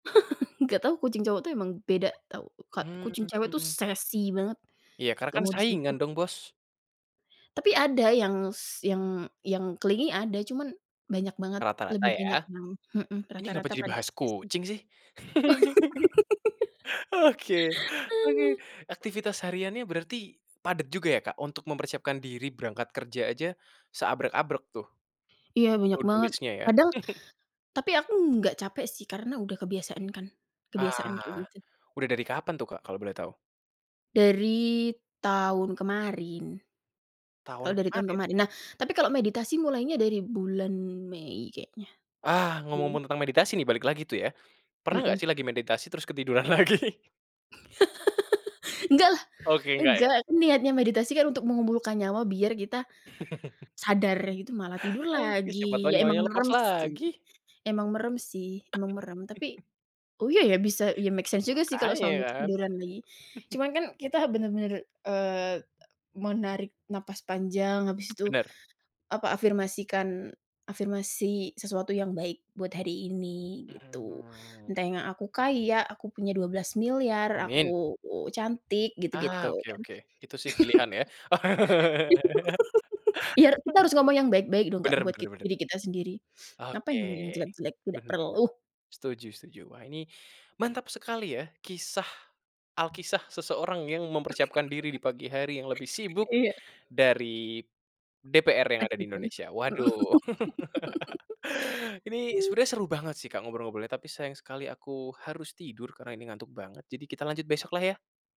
Enggak tahu kucing cowok itu emang beda tau, Kak. Kucing cewek itu, Mmm. sassy banget. Iya karena, Gak kan, mau saingan, disentuh. dong, bos. Tapi, ada yang s yang yang clingy ada. Cuman banyak banget, Rata-rata, lebih ya? banyak yang mhm, Ini kenapa rata-rata jadi pada bahas sassy. kucing, sih? Oke, oke. Aktivitas hariannya berarti padat juga, ya, Kak? Untuk mempersiapkan diri berangkat kerja aja seabrek-abrek, tuh, Iya, banyak to-do banget. list-nya, ya. Kadang tapi aku enggak capek, sih, karena udah kebiasaan, kan, kebiasaan kayak Ah, gitu. udah dari kapan tuh, Kak, kalau boleh tau? Dari tahun kemarin. Tahun Kalau dari tahun kemaren? kemarin. Nah, tapi kalau meditasi mulainya dari bulan Mei keknya. Ah, Mmm. ngomong-ngomong tentang meditasi, nih, balik lagi tuh, ya. Pernah nggak, Mmm. sih, lagi meditasi terus ketiduran lagi? Enggak lah! Oke, enggak, Enggak. ya. Aku niatnya meditasi, kan, untuk mengumpulkan nyawa biar kita sadar gitu, malah tidur Oke, siapa tahu lagi. Ya emang nyawanya lepas merem, sih lagi. emang merem, sih, emang merem. Tapi oh iya, ya, bisa, iya make sense juga, sih, kalau Makanya, sampai kan. ketiduran lagi. Cuman, kan, kita benar-benar, eee, e menarik napas panjang, habis itu, Benar. apa, afirmasikan, afirmasi sesuatu yang baik buat hari ini, gitu. Mmm. Entah yang aku kaya, aku punya 12 miliar, Amin. aku u cantik Ah, gitu-gitu, oke kan. oke. Itu, sih, pilihan, ya. Ya, kita harus ngomong yang baik-baik dong, Kak, Benar buat benar kit benar. diri kita sendiri. Ngapain Oke, ngomong yang jelek-jelek, tidak benar, perlu. setuju setuju. Wah, ini mantap sekali, ya, kisah alkisah seseorang yang mempersiapkan diri di pagi hari yang lebih sibuk Iya. dari DPR yang ada di Presiden. Indonesia. Mmm Waduh, ini sebenernya seru banget, sih, Kak, ngobrol-ngobrolnya, tapi sayang sekali aku harus tidur karena ini ngantuk banget. Jadi, kita lanjut besok lah, ya?